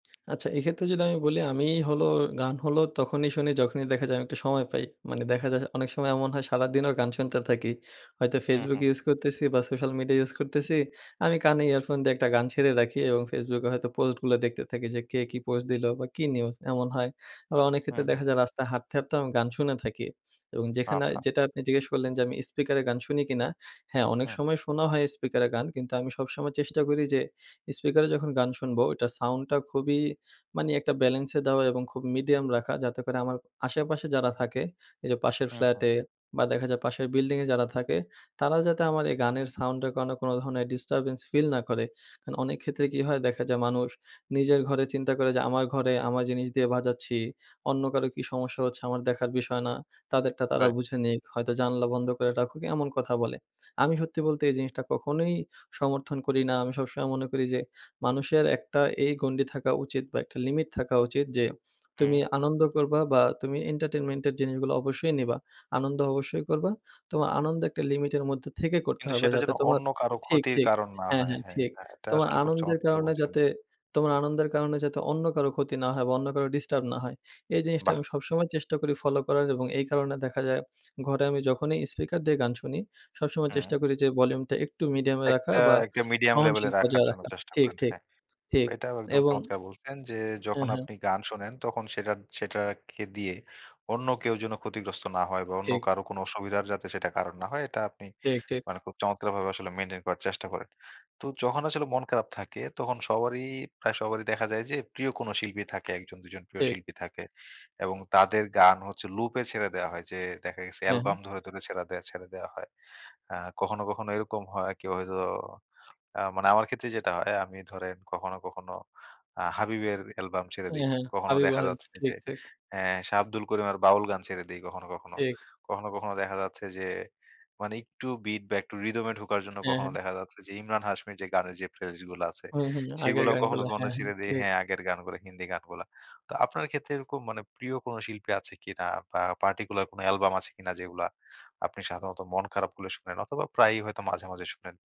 আচ্ছা এক্ষেত্রে যদি আমি বলি আমি হলো, গান হলো তখনই শুনি যখনই দেখা যায় আমি একটু সময় পাই। মানে দেখা যায় অনেক সময় এমন হয় সারাদিনও গান শুনতে থাকি। হয়তো হুম, Facebook হুম। ইউজ করতেছি বা সোশ্যাল মিডিয়া ইউজ করতেছি আমি কানে ইয়ারফোন দিয়ে একটা গান ছেড়ে রাখি এবং Facebook এ হয়তো পোস্টগুলো দেখতে থাকি যে, কে কী পোস্ট দিলো বা কী নিউজ এমন হয়। আবার অনেক হুম, ক্ষেত্রে হুম। দেখা যায় রাস্তায় হাঁটতে, হাঁটতেও আমি গান শুনে থাকি এবং যেখানে আচ্ছা। যেটা আপনি জিজ্ঞেস করলেন যে, আমি স্পিকারে গান শুনি কিনা? হ্যাঁ, অনেক হুম। সময় শোনা হয় স্পিকারে গান কিন্তু আমি সবসময় চেষ্টা করি যে, স্পিকারে যখন গান শুনবো ওইটার সাউন্ডটা খুবই মানে একটা ব্যালেন্সে দেওয়া এবং খুব মিডিয়াম রাখা যাতে করে আমার আশেপাশে যারা থাকে, এই যে, পাশের হুম, হুম। ফ্ল্যাটে বা দেখা যায় পাশের বিল্ডিংয়ে যারা থাকে তারা যাতে আমার এই গানের সাউন্ডের কারণ কোনো ধরনের ডিস্টার্বেন্স ফিল না করে। কারণ অনেক ক্ষেত্রে কি হয়? দেখা যায় মানুষ নিজের ঘরে চিন্তা করে যে, আমার ঘরে আমার জিনিস দিয়ে বাজাচ্ছি। অন্য কারো কী সমস্যা হচ্ছে আমার দেখার বিষয় না। তাদেরটা তারা রাইট। বুঝে নিক হয়তো জানালা বন্ধ করে রাখুক এমন কথা বলে। আমি সত্যি বলতে এই জিনিসটা কখনোই সমর্থন করি না। আমি সবসময় মনে করি যে, মানুষের একটা এই গণ্ডি থাকা উচিত বা একটা লিমিট থাকা উচিত যে, তুমি হুম। আনন্দ করবা, বা তুমি এন্টারটেনমেন্ট এর জিনিসগুলো অবশ্যই নিবা। আনন্দ অবশ্যই করবা, তোমার আনন্দ একটা লিমিটের মধ্যে থেকে করতে কিন্তু হবে। সেটা যেন যাতে তোমার অন্য কারো ঠিক, ক্ষতির ঠিক কারণ না হ্যাঁ, হয়। হ্যাঁ, হ্যাঁ, ঠিক। এটা, এটা তোমার আসলে খুব আনন্দের চমৎকার কারণে বলছেন। যাতে তোমার আনন্দের কারণে যাতে অন্য কারো ক্ষতি না হয় বা অন্য কারো ডিস্টার্ব না হয়। এই জিনিসটা বাহ! আমি সবসময় চেষ্টা করি ফলো করার এবং এই কারণে দেখা যায় ঘরে আমি যখনই স্পিকার দিয়ে গান শুনি সবসময় চেষ্টা হুম। করি যে, ভলিউমটা একটু মিডিয়ামে রাখা একটা, বা একটা মিডিয়াম লেভেলে সহনশীল রাখার পর্যায়ে জন্য রাখা। চেষ্টা ঠিক, করেন, ঠিক, হ্যাঁ। ঠিক এটাও একদম এবং চমৎকার বলছেন যে, যখন হ্যাঁ, হ্যাঁ। আপনি গান শোনেন তখন সেটার সেটার একে দিয়ে অন্য কেউ যেন ক্ষতিগ্রস্ত না হয় বা অন্য ঠিক। কারো কোন অসুবিধার যাতে সেটা কারণ না হয় এটা আপনি ঠিক, ঠিক। মানে খুব চমৎকারভাবে আসলে মেইনটেইন করার চেষ্টা করেন। তো যখন আসলে মন খারাপ থাকে তখন সবারই প্রায় সবারই দেখা যায় যে, প্রিয় কোন শিল্পী থাকে ১ জন ২ জন প্রিয় ঠিক। শিল্পী থাকে এবং তাদের গান হচ্ছে লুপে ছেড়ে দেয়া হয় যে, দেখা গেছে হ্যাঁ, হ্যাঁ। অ্যালবাম ধরে, ধরে ছেড়ে দেয়া, ছেড়ে দেওয়া হয়। অ্যা কখনো, কখনো এরকম হয় কি হয়তো অ্যা মানে আমার ক্ষেত্রে যেটা হয় আমি ধরেন কখনো, কখনো আ হাবিবের অ্যালবাম ছেড়ে হ্যাঁ, দেই। হ্যাঁ, কখনো হাবিব দেখা ওয়াহিদ যাচ্ছে ঠিক, যে, ঠিক। অ্যা শাহ আব্দুল করিমের বাউল গান ছেড়ে দেই কখনো, কখনো। ঠিক। কখনো, কখনো দেখা যাচ্ছে যে, মানে একটু বিট বা একটু রিদম এ ঢোকার জন্য হ্যাঁ, কখনো হ্যাঁ। দেখা যাচ্ছে যে, ইমরান হাশমির যে, গানের যে, প্লে লিস্ট গুলো আছে, হুম, হুম। আগের সেগুলোও কখনো, গানগুলো কখনো হ্যাঁ, হ্যাঁ, ছেড়ে দেই ঠিক। হ্যাঁ, আগের গানগুলো হিন্দি গানগুলা। তো আপনার ক্ষেত্রে এরকম মানে প্রিয় কোন শিল্পী আছে কিনা বা পার্টিকুলার কোন অ্যালবাম আছে কিনা যেগুলা আপনি সাধারণত মন খারাপ হলে শোনেন অথবা প্রায়ই হয়তো মাঝে, মাঝে শোনেন?